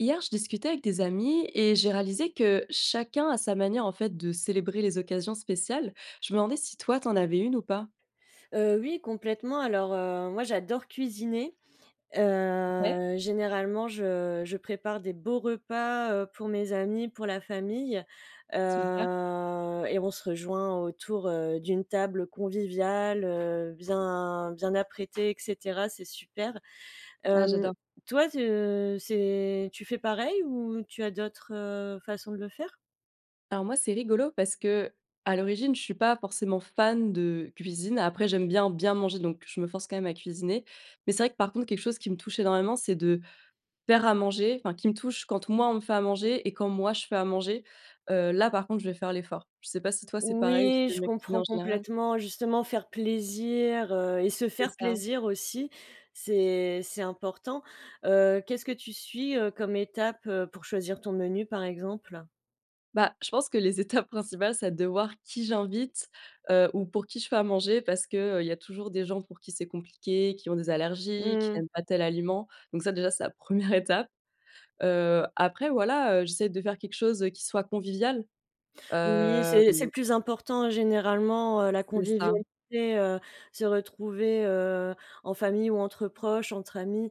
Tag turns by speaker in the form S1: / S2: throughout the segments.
S1: Hier, je discutais avec des amis et j'ai réalisé que, chacun à sa manière, en fait, de célébrer les occasions spéciales. Je me demandais si toi, tu en avais une ou pas?
S2: Heu, oui, complètement alors, heu, moi, j'adore cuisiner.
S1: Ouais.
S2: Heu, généralement je je prépare des beaux repas, heu, pour mes amis, pour la famille.
S1: Super.
S2: Heu et on se rejoint autour, heu, d'une table conviviale, heu, bien bien apprêtée et cetera, c'est super.
S1: Ah
S2: Hem,
S1: j'adore.
S2: toi, tu c'est tu fais pareil ou tu as d'autres, heu, façons de le faire?
S1: Alors moi, c'est rigolo parce qu'à l'origine, je suis pas forcément fan de cuisine. Après, j'aime bien, bien manger donc je me force quand même à cuisiner. Mais c'est vrai que, par contre, quelque chose qui me touche énormément c'est de faire à manger, enfin, qui me touche, quand moi, on me fait à manger et quand moi je fais à manger. Heu, là, par contre, je vais faire l'effort. Je sais pas si toi c'est pareil ou si
S2: Oui,
S1: tu aimes
S2: je
S1: bien cuisiner en
S2: comprends
S1: général?
S2: complètement. Justement faire plaisir, heu et se
S1: C'est
S2: faire
S1: ça.
S2: plaisir aussi, c'est c'est important. Heu, qu'est-ce que tu suis, heu, comme étape, heu, pour choisir ton menu, par exemple?
S1: Bah, je pense que les étapes principales, c'est de voir qui j'invite, heu, ou pour qui je fais à manger. Parce que, heu, il y a toujours des gens pour qui c'est compliqué, qui ont des allergies, qui
S2: Mmh.
S1: n'aiment pas tel aliment. Donc ça, déjà, c'est la 1re étape. Heu, après, voilà, heu, j'essaie de faire quelque chose, heu, qui soit convivial.
S2: Oui,
S1: Hem.
S2: c'est c'est le plus important, généralement, heu, la
S1: C'est ça.
S2: convivialité, heu, se retrouver, heu, en famille ou entre proches, entre amis,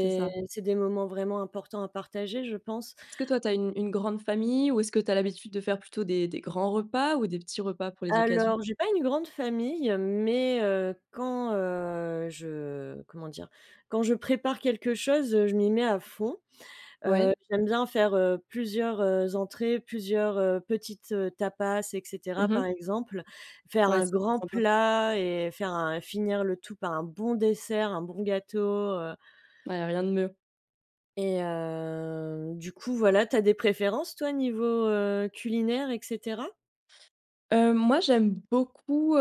S1: C'est ça.
S2: c'est des moments vraiment importants à partager, je pense.
S1: Est-ce que toi, tu as une une grande famille? Ou est-ce que tu as l'habitude de faire plutôt des des grands repas? Ou des petits repas pour les occasions?
S2: Alors, j'ai pas une grande famille, mais, heu, quand, heu, je comment dire? Quand je prépare quelque chose, heu, je m'y mets à fond. Heu,
S1: Ouais.
S2: j'aime bien faire, heu, plusieurs, heu, entrées, plusieurs, heu, petites, heu, tapas, et cetera,
S1: Mmh mh.
S2: par exemple. Faire
S1: Ouais,
S2: un
S1: c'est trop
S2: grand
S1: sympa.
S2: plat et faire un finir le tout par un bon dessert, un bon gâteau, heu.
S1: Ouais, il y a rien de mieux.
S2: Et heu, du coup, voilà. Tu as des préférences, toi, niveau, heu, culinaire et cetera?
S1: Heu, moi, j'aime beaucoup, heu,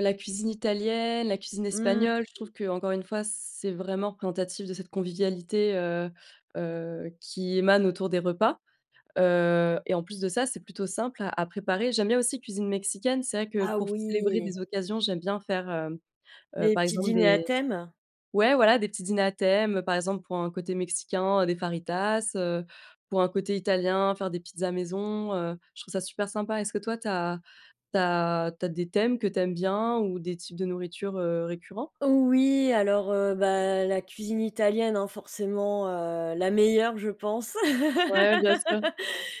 S1: la cuisine italienne, la cuisine
S2: Mmh.
S1: espagnole. Je trouve qu'encore une fois, c'est vraiment représentatif de cette convivialité, heu heu, qui émane autour des repas. Heu et en plus de ça, c'est plutôt simple à à préparer. J'aime bien aussi cuisine mexicaine. C'est vrai que
S2: Ah
S1: pour célébrer
S2: oui!
S1: des occasions, j'aime bien faire, hem, heu,
S2: Des
S1: par
S2: petits
S1: exemple
S2: dîners à
S1: des
S2: thème?
S1: ouais, voilà, des petits dîners à thèmes, par exemple, pour un côté mexicain, des fajitas, heu, pour un côté italien, faire des pizzas maison, heu, je trouve ça super sympa. Est-ce que toi, tu as tu as tu as des thèmes que tu aimes bien ou des types de nourriture, heu, récurrents?
S2: Oui, alors, heu, bah, la cuisine italienne, hein, forcément, heu, la meilleure, je pense.
S1: Ouais, bien sûr.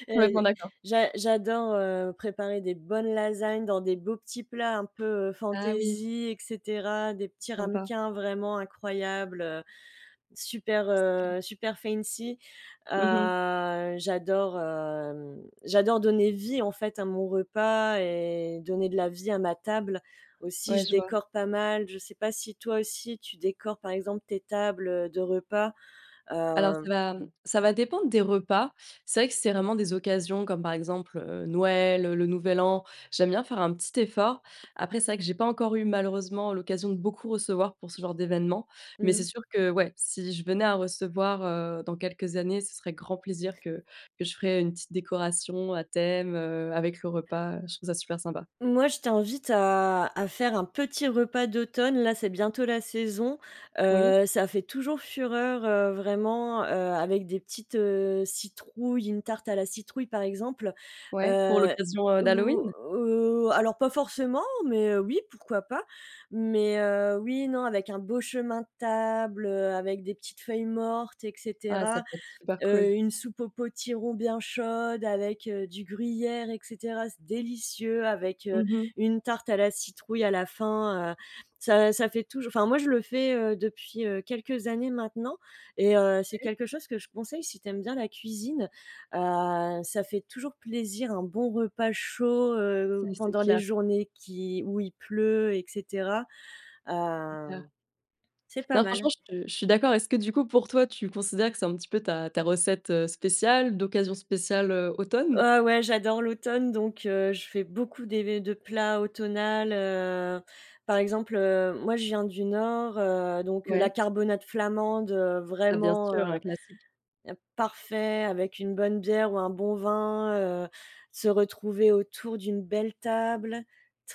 S2: Heu,
S1: Complètement d'accord.
S2: j'a j'adore, heu, préparer des bonnes lasagnes dans des beaux petits plats un peu, heu,
S1: Ah oui.
S2: fantaisie et cetera, des petits
S1: Sympa.
S2: ramequins vraiment incroyables, heu, super,
S1: C'est clair.
S2: heu, super fancy
S1: Mmh mh.
S2: Ah, j'adore, hem, j'adore donner vie, en fait, à mon repas et donner de la vie à ma table. Aussi,
S1: Ouais,
S2: je
S1: je vois.
S2: décore pas mal, je sais pas si toi aussi, tu décores, par exemple, tes tables de repas?
S1: Alors, ça
S2: Hem
S1: va, mmh, ça va dépendre des repas. C'est vrai que c'est vraiment des occasions comme, par exemple, heu, Noël, le Nouvel An. J'aime bien faire un petit effort. Après, c'est vrai que j'ai pas encore eu, malheureusement, l'occasion de beaucoup recevoir pour ce genre d'événement. Mais
S2: Mmh
S1: c'est
S2: mh.
S1: sûr que ouais, si je venais à recevoir, heu, dans quelques années, ce serait grand plaisir que que je ferais une petite décoration à thème, heu, avec le repas, heu. Je trouve ça super sympa.
S2: Moi, je t'invite à à faire un petit repas d'automne, là, c'est bientôt la saison.
S1: Oui.
S2: Heu, ça fait toujours fureur, heu, vraiment, heu, avec des petites, heu, citrouilles, une tarte à la citrouille, par exemple.
S1: Ouais, pour
S2: Heu,
S1: l'occasion, heu,
S2: ou
S1: d'Halloween?
S2: ou alors pas forcément, mais, heu, oui, pourquoi pas? Mais, heu, oui et non, avec un beau chemin de table, avec des petites feuilles mortes et
S1: Ah, ça
S2: cetera.
S1: peut être super
S2: Heu,
S1: cool.
S2: une soupe au potiron bien chaude avec, heu, du gruyère et cetera. C'est délicieux avec, heu,
S1: Mmh mh.
S2: une tarte à la citrouille à la fin, heu, ça ça fait toujours, enfin, moi, je le fais, heu, depuis, heu, quelques années maintenant et heu, c'est
S1: Oui.
S2: quelque chose que je conseille si tu aimes bien la cuisine, heu. Ça fait toujours plaisir un bon repas chaud, heu,
S1: Oui, c'est
S2: pendant les
S1: clair.
S2: journées qui où il pleut et cetera.
S1: C'est clair.
S2: Hem, c'est pas
S1: Non,
S2: mal.
S1: franchement, je te je suis d'accord. Est-ce que, du coup, pour toi, tu considères que c'est un petit peu ta ta recette, heu, spéciale, d'occasion spéciale, heu, automne?
S2: Heu, ouais, j'adore l'automne, donc, heu, je fais beaucoup des de plats automnal, heu. Par exemple, heu, moi, je viens du Nord, heu, donc la
S1: Ouais.
S2: carbonade flamande, heu,
S1: Ah bien sûr,
S2: vraiment,
S1: un
S2: heu,
S1: classique.
S2: parfait, avec une bonne bière ou un bon vin, heu, se retrouver autour d'une belle table,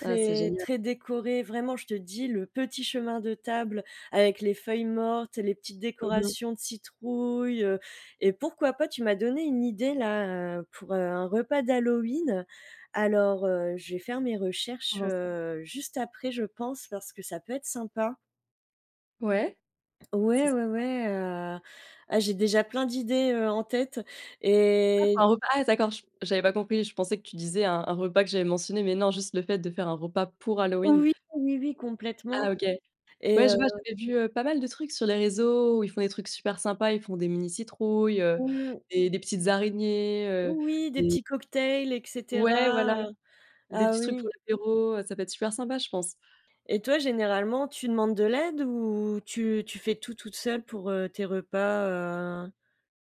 S1: Ah, c'est génial.
S2: très décorée, vraiment, je te dis, le petit chemin de table avec les feuilles mortes et les petites
S1: Mmh mh.
S2: décorations de citrouille, heu, et pourquoi pas, tu m'as donné une idée là, heu, pour, heu, un repas d'Halloween. Alors, heu, je vais faire mes
S1: Ça
S2: recherches,
S1: rassemble.
S2: heu, juste après, je pense parce que ça peut être sympa.
S1: Ouais. C'est
S2: Ouais, ouais,
S1: sympa.
S2: ouais, heu, ah j'ai déjà plein d'idées, heu, en tête
S1: Ah pour
S2: et
S1: un repas, ah d'accord, ch j'avais pas compris. Je pensais que tu disais un un repas que j'avais mentionné, mais non, juste le fait de faire un repas pour Halloween?
S2: Oui, oui, oui, complètement
S1: Ah OK. Ouais,
S2: et heu
S1: je vois, j'avais vu, heu, pas mal de trucs sur les réseaux où ils font des trucs super sympas, ils font des mini citrouilles, heu,
S2: Mmh.
S1: des des petites araignées, heu,
S2: Oui, des
S1: des
S2: petits cocktails et
S1: ouais, voilà.
S2: cetera, heu
S1: Des
S2: ah
S1: petits trucs pour
S2: oui.
S1: l'apéro, heu, ça peut être super sympa, je pense.
S2: Et toi généralement, tu demandes de l'aide ou tu tu fais tout toute seule pour, heu, tes repas, heu?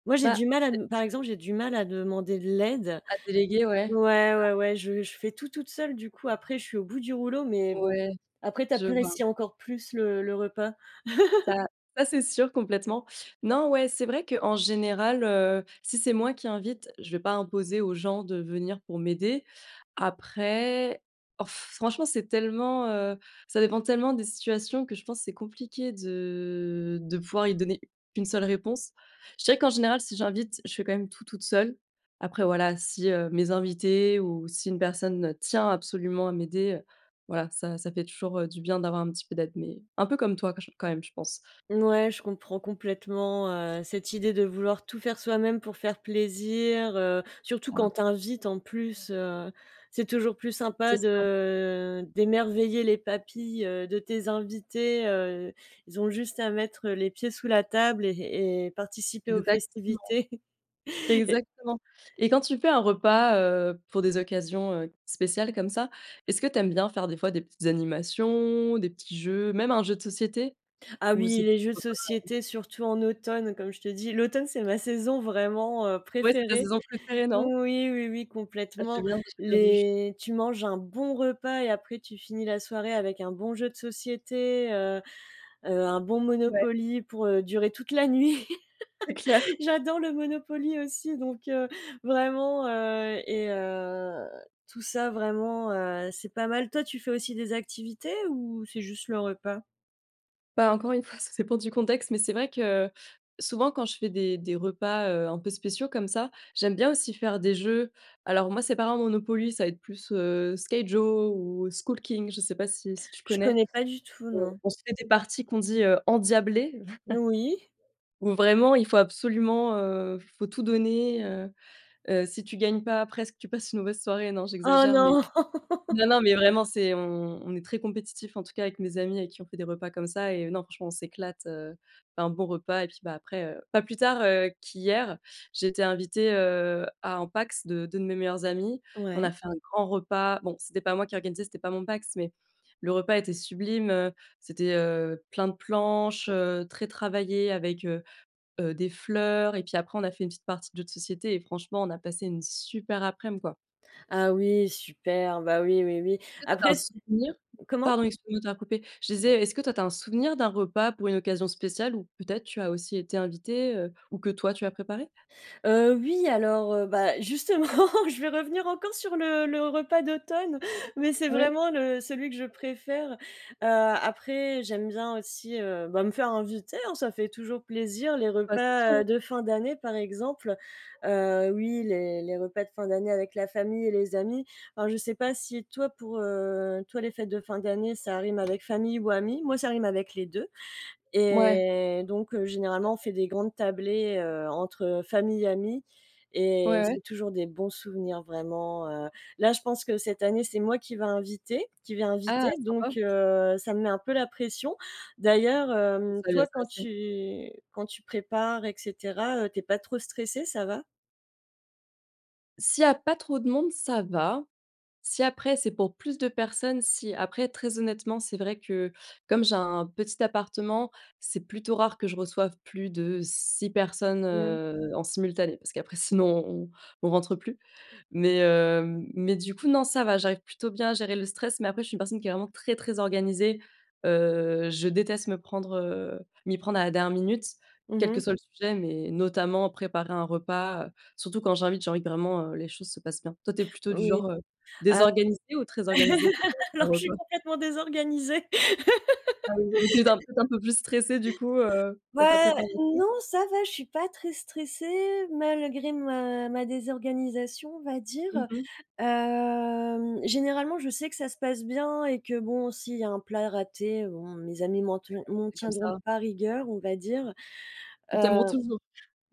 S2: Moi, j'ai
S1: Bah,
S2: du mal à
S1: c'est
S2: dem par exemple, j'ai du mal à demander de l'aide.
S1: À déléguer, ouais.
S2: Ouais,
S1: Bah
S2: ouais, ouais, je je fais tout toute seule du coup. Après je suis au bout du rouleau, mais bon,
S1: Ouais,
S2: après tu
S1: je vois.
S2: apprécies encore plus le le repas.
S1: Ça ça c'est sûr complètement. Non, ouais, c'est vrai qu'en général, heu, si c'est moi qui invite, je vais pas imposer aux gens de venir pour m'aider. Après, oh f franchement, c'est tellement, heu, ça dépend tellement des situations que je pense, c'est compliqué de de pouvoir y donner une seule réponse. Je dirais qu'en général, si j'invite, je fais quand même tout toute seule. Après voilà, si, heu, mes invités ou si une personne, heu, tient absolument à m'aider, heu, voilà, ça ça fait toujours, heu, du bien d'avoir un petit peu d'aide. Mais un peu comme toi quand j quand même, je pense.
S2: Mouais, je comprends complètement, heu, cette idée de vouloir tout faire soi-même, pour faire plaisir, heu, surtout
S1: Ah.
S2: quand tu invites en plus, heu, c'est toujours plus
S1: C'est
S2: sympa
S1: ça.
S2: de d'émerveiller les papilles, heu, de tes invités, heu, ils ont juste à mettre, heu, les pieds sous la table et et et participer aux
S1: Exactement.
S2: festivités et
S1: Exactement et quand tu fais un repas, heu, pour des occasions, heu, spéciales comme ça, est-ce que tu aimes bien faire des fois des petites animations, des petits jeux, même un jeu de société?
S2: Ah
S1: Ou
S2: oui,
S1: c'est
S2: les
S1: plus
S2: jeux de
S1: repas, heu
S2: société, surtout en automne, comme je te dis, l'automne, c'est ma saison vraiment, heu,
S1: Ouais, c'est ta
S2: préférée.
S1: saison préférée, non?
S2: Oui, oui, oui
S1: Ah j'aime
S2: complètement.
S1: bien, j'ai bien du
S2: Les tu manges un bon repas et après tu finis la soirée, avec un bon jeu de société, heu, heu, un bon
S1: Ouais.
S2: Monopoly pour, heu, durer toute la nuit.
S1: C'est clair.
S2: J'adore le Monopoly aussi donc, heu, vraiment, heu et heu, tout ça vraiment, heu, c'est pas mal. Toi, tu fais aussi des activités ou c'est juste le repas?
S1: Bah, encore une fois, ça dépend du contexte, mais c'est vrai que souvent quand je fais des des repas, heu, un peu spéciaux comme ça, j'aime bien aussi faire des jeux. Alors moi, c'est pas un Monopoly, ça va être plus, heu, Skyjo ou Skull King, je sais pas si si tu
S2: Je
S1: connais?
S2: connais pas du tout,
S1: On
S2: non.
S1: on se fait des parties qu'on dit, heu, endiablées.
S2: N oui.
S1: Où vraiment, il faut absolument, heu, f faut tout donner, heu heu, si tu gagnes pas presque tu passes une mauvaise soirée. Non,
S2: Oh
S1: j'exagère, mais,
S2: non!
S1: non non, mais vraiment, c'est on on est très compétitifs en tout cas avec mes amis avec qui on fait des repas comme ça et heu, non franchement, on s'éclate. Heu, un bon repas et puis, bah, après, heu, pas plus tard, heu, qu'hier, j'ai été invitée, heu, à un PACS de 2 de mes meilleurs amis. On a
S2: Ouais.
S1: fait un grand repas. Bon, c'était pas moi qui organisais, c'était pas mon PACS, mais le repas était sublime. Heu, c'était, heu, plein de planches, heu, très travaillées avec, heu heu, des fleurs et puis après on a fait une petite partie de jeu de société et franchement, on a passé une super aprèm, quoi.
S2: Ah oui, super, bah, oui oui oui.
S1: Est-ce que toi tu as
S2: Après
S1: un
S2: s
S1: souvenir?
S2: comment?
S1: Pardon, excuse-moi de t'avoir coupée. Je disais, est-ce que toi tu as un souvenir d'un repas pour une occasion spéciale ou peut-être tu as aussi été invitée, heu, ou que toi tu as préparé?
S2: Heu, oui, alors, heu, bah, justement je vais revenir encore sur le le repas d'automne mais c'est
S1: Ouais.
S2: vraiment le celui que je préfère. Heu, après, j'aime bien aussi, heu, bah, me faire inviter, hein, ça fait toujours plaisir les
S1: Bah, c'est sûr,
S2: repas, heu,
S1: hein!
S2: de fin d'année par exemple. Heu, oui, les les repas de fin d'année avec la famille et les amis. Alors je sais pas si toi pour, heu, toi les fêtes de fin d'année, ça rime avec famille ou amis. Moi, ça rime avec les 2
S1: Ouais.
S2: et donc, heu, généralement, on
S1: Complètement.
S2: fait des grandes tablées, heu, entre, heu, famille, amis et
S1: Ouais ouais.
S2: c'est toujours des bons souvenirs vraiment, heu. Là, je pense que cette année, c'est moi qui va inviter qui vais
S1: Ah
S2: inviter. Donc,
S1: sympa.
S2: heu, ça me met un peu la pression. D'ailleurs,
S1: Bon ça
S2: hem,
S1: va bien
S2: toi
S1: se
S2: quand
S1: passer.
S2: tu quand tu prépares et cetera, heu, tu es pas trop stressée, ça va?
S1: S'il y a pas trop de monde, ça va. Si après, c'est pour plus de personnes, si. Après, très honnêtement, c'est vrai que, comme j'ai un un petit appartement, c'est plutôt rare que je reçoive plus de 6 personnes,
S2: Mmh.
S1: heu, en simultané parce qu'après sinon, on on rentre plus. Mais hem, mais du coup, non, ça va, j'arrive plutôt bien à gérer le stress. Mais après, je suis une personne qui est vraiment très, très organisée, heu, je déteste me prendre, heu, m'y prendre à la dernière minute.
S2: Mmh
S1: Quel que
S2: mh.
S1: soit le sujet, mais notamment préparer un repas, heu, surtout quand j'invite, j'ai envie que vraiment, heu, les choses se passent bien. Toi, tu es plutôt du
S2: Oui, heu,
S1: genre, heu,
S2: alors
S1: désorganisée ou très organisée pour, heu ton
S2: alors je suis
S1: repas?
S2: complètement désorganisée.
S1: Ah oui, donc tu es un peu peut-être un peu plus stressée, du coup, heu,
S2: Ouais,
S1: dans ta
S2: ouais,
S1: préparation?
S2: non, ça va, je suis pas très stressée, malgré ma ma désorganisation, on va
S1: Mmh
S2: dire,
S1: mh.
S2: hem, généralement, je sais que ça se passe bien et que bon, s'il y a un plat raté, bon, mes amis m'en
S1: Ouais.
S2: tian m'en
S1: C'est comme
S2: tiendront
S1: ça.
S2: pas rigueur, on va dire,
S1: Ils
S2: heu,
S1: t'aimeront toujours.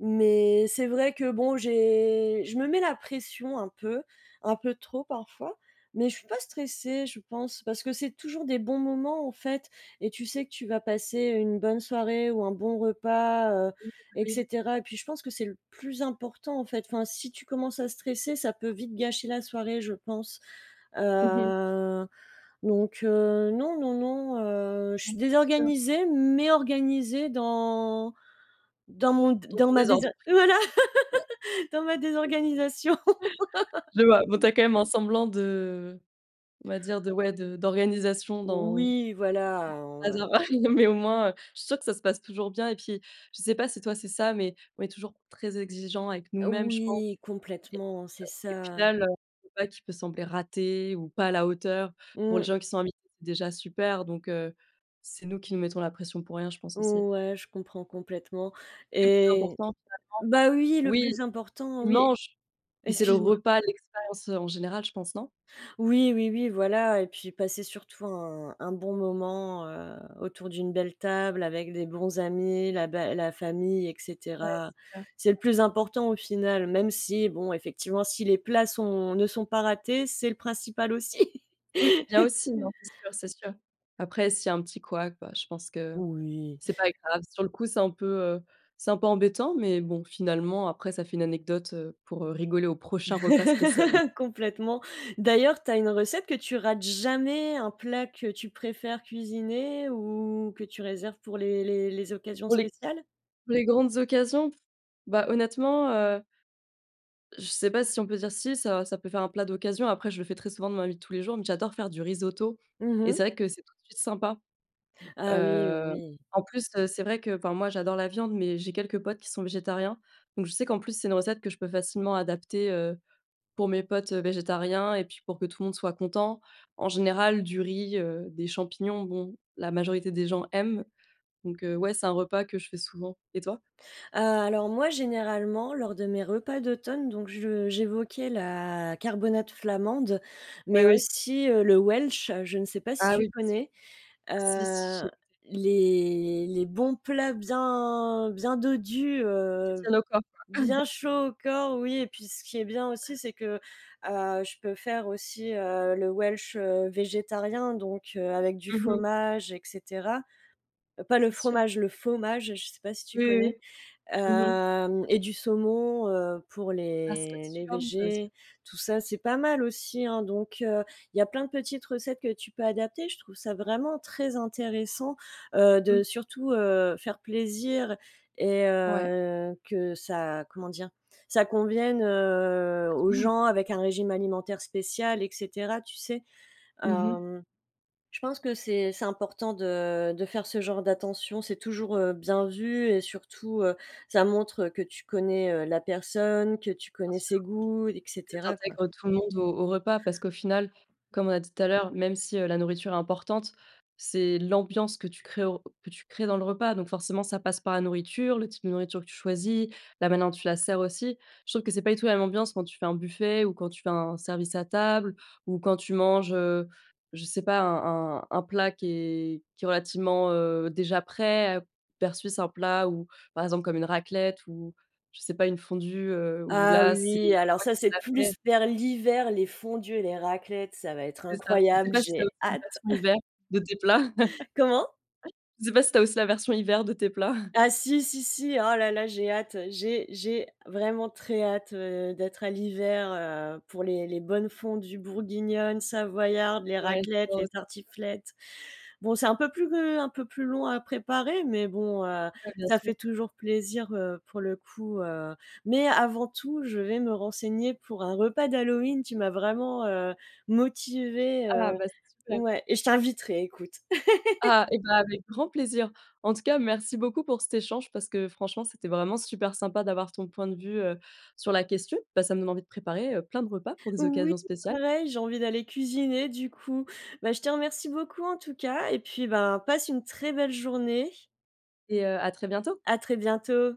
S2: mais c'est vrai que bon, j'ai je me mets la pression un peu, un peu trop parfois, mais je suis pas stressée, je pense, parce que c'est toujours des bons moments, en fait et tu sais que tu vas passer une bonne soirée ou un bon repas heu
S1: Oui, bah,
S2: et
S1: oui.
S2: cetera et puis je pense que c'est le plus important, en fait. Enfin, si tu commences à stresser, ça peut vite gâcher la soirée, je pense,
S1: Mmh mh.
S2: heu, donc heu, non, non, non, heu, je
S1: Non,
S2: suis
S1: mais c'est sûr.
S2: désorganisée, mais organisée dans dans mon d
S1: Dans
S2: dans
S1: ton
S2: ma désa
S1: désordre?
S2: voilà. Dans ma désorganisation.
S1: Je vois. Bon, tu as quand même un semblant de on va dire, de, ouais, de d'organisation dans dans ton
S2: Oui, voilà, on va
S1: bazar. Ouais, non mais au moins, heu, je suis sûre que ça se passe toujours bien et puis, je sais pas si toi, c'est ça, mais on est toujours très exigeants avec nous-mêmes, je pense
S2: Oui,
S1: et heu
S2: complètement, c'est
S1: et au
S2: ça.
S1: final, heu, je sais pas, tout peut sembler rater ou pas à la hauteur. Pour les
S2: Mmh.
S1: gens qui sont invités, c'est déjà super donc heu, c'est nous qui nous mettons la pression pour rien, je pense aussi.
S2: Ouais, je comprends complètement
S1: C'est le plus
S2: et
S1: important, finalement.
S2: bah oui, le
S1: Oui.
S2: plus important,
S1: Tu
S2: oui
S1: manges. Mais c'est le
S2: excuse-moi.
S1: repas, l'expérience, heu, en général, je pense non?
S2: Oui, oui, oui, voilà et puis passer surtout un un bon moment, heu, autour d'une belle table avec des bons amis, la bé la famille et
S1: Ouais,
S2: cetera.
S1: c'est clair.
S2: C'est le plus important, au final, même si bon, effectivement, si les plats sont ne sont pas ratés, c'est le principal aussi.
S1: Et oui, c'est bien aussi. Non, c'est sûr. C'est sûr. Après s'il y a un petit couac, bah, je pense que
S2: Oui.
S1: c'est pas grave. Sur le coup, c'est un peu, heu, c'est un peu embêtant, mais bon, finalement, après, ça fait une anecdote, heu, pour, heu, rigoler au prochain repas spécial, mmh.
S2: Complètement. D'ailleurs, tu as une recette que tu rates jamais, un plat que tu préfères cuisiner ou que tu réserves pour les les les occasions
S1: Pour les
S2: spéciales?
S1: pour les grandes occasions? Bah, honnêtement, heu je sais pas si on peut dire si, ça ça peut faire un plat d'occasion. Après, je le fais très souvent dans ma vie de tous les jours. Mais j'adore faire du risotto
S2: Mmh
S1: et c'est
S2: mh.
S1: vrai que c'est tout de suite sympa,
S2: Ah oui, oui,
S1: heu,
S2: oui.
S1: en plus, heu, c'est vrai qu'enfin moi j'adore la viande, mais j'ai quelques potes qui sont végétariens. Donc je sais qu'en plus, c'est une recette que je peux facilement adapter, heu, pour mes potes, heu, végétariens et puis pour que tout le monde soit content. En général, du riz, heu, des champignons, bon, la majorité des gens aiment. Donc heu, ouais, c'est un repas que je fais souvent. Et toi?
S2: Heu, alors moi, généralement, lors de mes repas d'automne, donc je j'évoquais la carbonate flamande,
S1: Oui,
S2: mais
S1: oui.
S2: aussi, heu, le Welsch. Je ne sais pas si
S1: Ah
S2: tu
S1: oui, bien sûr.
S2: connais?
S1: Si, si j'ai
S2: Heu,
S1: goûté.
S2: les les bons plats bien bien dodus,
S1: Qui
S2: heu,
S1: tiennent au corps, quoi.
S2: bien chauds au corps, oui et puis ce qui est bien aussi, c'est que, heu, je peux faire aussi, heu, le Welsh, heu, végétarien, donc heu, avec du
S1: Mmh mh.
S2: faumage et cetera. Pas le
S1: C'est sûr.
S2: fromage, le faumage. Je sais pas si tu
S1: Oui, oui,
S2: connais?
S1: oui. Mmh mh.
S2: Hem et du saumon, heu, pour
S1: Ah ça doit être
S2: les les
S1: super bon, ça aussi.
S2: végés. Tout ça, c'est pas mal aussi, hein. Donc heu, il y a plein de petites recettes que tu peux adapter. Je trouve ça vraiment très intéressant, heu,
S1: Mmh
S2: de
S1: mh.
S2: surtout, heu, faire plaisir et
S1: Ouais.
S2: heu, que ça, comment dire, ça convienne, heu,
S1: À tout
S2: aux
S1: le monde,
S2: gens
S1: quoi?
S2: avec un régime alimentaire spécial et cetera, tu sais?
S1: Mmh mh.
S2: Hem, je pense que c'est c'est important de de faire ce genre d'attention. C'est toujours, heu, bien vu et surtout, heu, ça montre que tu connais, heu, la personne, que tu
S1: Bien
S2: connais
S1: sûr.
S2: ses goûts et
S1: Que tu
S2: cetera, quoi.
S1: intègres tout le monde au au repas parce qu'au final, comme on a dit tout à l'heure, même si, heu, la nourriture est importante, c'est l'ambiance que tu crées au que tu crées dans le repas. Donc forcément, ça passe par la nourriture, le type de nourriture que tu choisis, la manière dont tu la sers aussi. Je trouve que c'est pas du tout la même ambiance quand tu fais un buffet ou quand tu fais un service à table ou quand tu manges, heu, je sais pas, un un un plat qui est qui est relativement, heu, déjà prêt, versus un plat ou par exemple, comme une raclette ou je sais pas, une fondue, heu, où
S2: Ah
S1: là,
S2: oui,
S1: c'est
S2: oui, alors
S1: toi
S2: ça,
S1: qui
S2: c'est
S1: l'as fait.
S2: plus vers l'hiver. Les fondues et les raclettes, ça va être
S1: C'est ça. Je sais
S2: incroyable.
S1: pas si tu as
S2: J'ai
S1: aussi une
S2: hâte!
S1: version hiver de tes plats?
S2: Comment?
S1: Ah, je sais pas si tu as aussi la version hiver de tes plats?
S2: Ah si, si, si, oh là là, j'ai hâte, j'ai j'ai vraiment très hâte, heu, d'être à l'hiver, heu, pour les les bonnes fondues bourguignonnes, savoyardes, les
S1: Ouais,
S2: raclettes,
S1: j'adore
S2: les
S1: aussi.
S2: tartiflettes. Bon, c'est un peu plus, heu, un peu plus long à préparer, mais bon, heu,
S1: Ouais, bien
S2: ça
S1: sûr.
S2: fait toujours plaisir, heu, pour le coup, heu, mais avant tout, je vais me renseigner pour un repas d'Halloween. Tu m'as vraiment, heu, motivée, heu,
S1: Ah! Bah, c'est super.
S2: ouais et je t'inviterai, écoute!
S1: Ah et bah, avec grand plaisir. En tout cas, merci beaucoup pour cet échange parce que, franchement, c'était vraiment super sympa d'avoir ton point de vue, heu, sur la question. Bah ça me donne envie de préparer, heu, plein de repas pour des
S2: Oui,
S1: occasions spéciales.
S2: pareil, j'ai envie d'aller cuisiner, du coup. Bah, je te remercie beaucoup, en tout cas et puis, ben, passe une très belle journée.
S1: Et heu, à très bientôt.
S2: À très bientôt.